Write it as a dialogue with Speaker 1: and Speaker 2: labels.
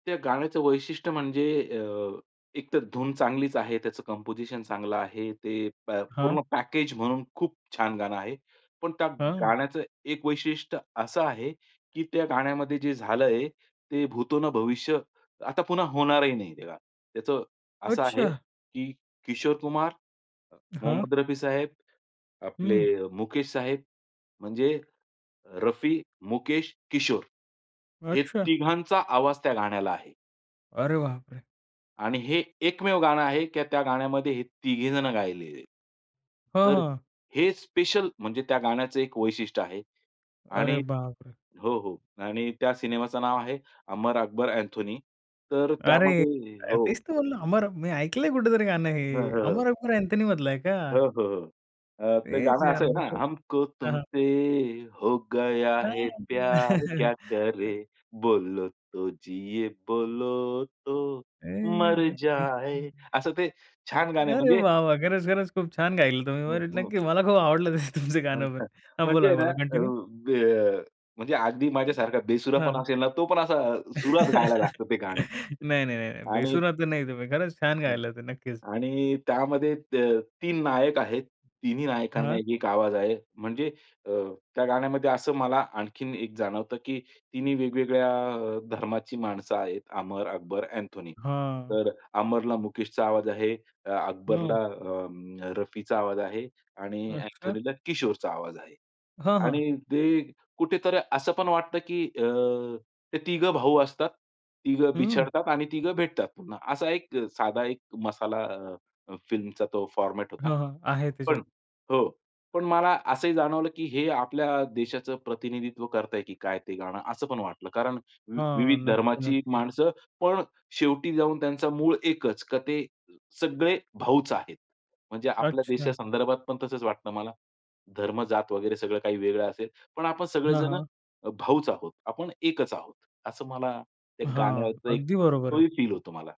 Speaker 1: त्या गाण्याचं वैशिष्ट्य म्हणजे अ, एकतर धुन चांगलीच आहे, त्याचं कंपोझिशन चांगलं आहे, ते प पूर्ण
Speaker 2: हां.
Speaker 1: पॅकेज म्हणून खूप छान गाणं आहे. पण त्या
Speaker 2: हां.
Speaker 1: गाण्याचं एक वैशिष्ट्य असं आहे, की त्या गाण्यामध्ये जे झालंय ते भूतो न भविष्य आता पुन्हा होणारही नाही हे गाणं. त्याचं असं आहे
Speaker 2: अच्छा!
Speaker 1: की किशोर कुमार, अ,
Speaker 2: हां.
Speaker 1: मोहम्मद रफी साहेब, आपले
Speaker 2: हं.
Speaker 1: अ, मुकेश साहेब म्हणजे रफी, मुकेश, किशोर. हे
Speaker 2: अच्छा.
Speaker 1: 3घांचा आवाज त्या गाण्याला आहे.
Speaker 2: अरे बापरे!
Speaker 1: आणि हे एकमेव गाणं आहे की त्या गाण्यामध्ये हे 3घे जण गायलेले आहेत.
Speaker 2: हां,
Speaker 1: तर अ,
Speaker 2: हां.
Speaker 1: हे स्पेशल म्हणजे त्या गाण्याचं एक वैशिष्ट्य आहे.
Speaker 2: अरे
Speaker 1: आणि
Speaker 2: बापरे!
Speaker 1: हो, हो. आणि त्या सिनेमाचं नाव आहे, अमर अकबर अँथोनी. तर अ,
Speaker 2: अरे,
Speaker 1: त्यामध्ये
Speaker 2: अ,
Speaker 1: हो.
Speaker 2: तेच तर म्हणलं, अमर मी ऐकलंय कुठेतरी गाणं
Speaker 1: हां,
Speaker 2: हे
Speaker 1: हां, हां.
Speaker 2: अमर अकबर अँथनी मधलं आहे का?
Speaker 1: हो, हो, हो. अ, ते
Speaker 2: तेच
Speaker 1: गाणं असं आहे
Speaker 2: गाणं
Speaker 1: ना,
Speaker 2: [unintelligible]
Speaker 1: हमको
Speaker 2: हां, हां.
Speaker 1: तुमसे हो गया है
Speaker 2: हां.
Speaker 1: प्यार क्या करे? बोलो तो जिए, बोलो तो
Speaker 2: ए,
Speaker 1: मर
Speaker 2: हे, हे, हे.
Speaker 1: जाये, असं ते छान गाणं आहे
Speaker 2: अरे
Speaker 1: म्हणजे
Speaker 2: वाह वाह! खरंच-खरंच खूप छान गायलं
Speaker 1: हं,
Speaker 2: तुम्ही. [unintelligible]
Speaker 1: हं.
Speaker 2: नक्की मला खूप आवडलं तुम तुमचं गाणं, पण
Speaker 1: अच्छा.
Speaker 2: हां,
Speaker 1: म्हणजे ना
Speaker 2: बोला-बोला
Speaker 1: अ,
Speaker 2: कंटिन्यू.
Speaker 1: अ, म्हणजे अगदी माझ्यासारखा बेसुरा
Speaker 2: हां
Speaker 1: पण
Speaker 2: हां.
Speaker 1: असेल ना, तो पण असा अ, सुरात गायला लागतं ते गाणं.
Speaker 2: नाही, नाही, नाही, नाही,
Speaker 1: आणि
Speaker 2: बेसुरा तर नाही तुम्ही. खरंच छान
Speaker 1: हां.
Speaker 2: गायला ते. नक्कीच.
Speaker 1: आणि त्यामध्ये त अ, 3 नायक आहेत. 3न्ही नायकांना
Speaker 2: हां.
Speaker 1: 1-1 आवाज आहे. म्हणजे अ, त्या गाण्यामध्ये असं मला आणखीन एक जाणवतं की 3न्ही वेगवेगळ्या अ, धर्माची माणसं आहेत. अमर, अकबर अँथोनी.
Speaker 2: हां.
Speaker 1: तर अ, अमरला मुकेशचा आवाज आहे. अ,
Speaker 2: हं.
Speaker 1: अकबरला अ, रफीचा आवाज आहे आणि
Speaker 2: अच्छा.
Speaker 1: अँथोनीला किशोरचा आवाज आहे.
Speaker 2: हां, हां.
Speaker 1: आणि ते कुठेतरी असं पण वाटतं की अ, ते 3घं भाऊ असतात. 3घं
Speaker 2: हं.
Speaker 1: बिछडतात आणि 3घं भेटतात पुन्हा, असा एक साधा एक मसाला अ, अ, फिल्मचा तो फॉर्मॅट होता.
Speaker 2: हां, हां, आहे
Speaker 1: पण
Speaker 2: त्याच्यात.
Speaker 1: हो. पण मला असंही जाणवलं की हे आपल्या देशाचं प्रतिनिधित्व करत आहे की काय ते गाणं, असं पण वाटलं, कारण विव
Speaker 2: हां,
Speaker 1: विविध धर्माची
Speaker 2: नक्की-नक्की.
Speaker 1: माणसं पण शेवटी जाऊन त्यांचा मूळ एकच का ते सगळे भाऊच आहेत. म्हणजे आपल्या
Speaker 2: अच्छा.
Speaker 1: देशासंदर्भात पण तसंच वाटतं मला. धर्म, जात वगैरे सगळं काही वेगळं असेल. पण आपण सगळे
Speaker 2: हां,
Speaker 1: जण
Speaker 2: हां.
Speaker 1: अ, भाऊच आहोत. आपण एकच आहोत. असं मला त्या
Speaker 2: हां,
Speaker 1: गाण्यावरचा एक
Speaker 2: अगदी बरोबर
Speaker 1: तो
Speaker 2: आहे.
Speaker 1: ही फील होतो मला.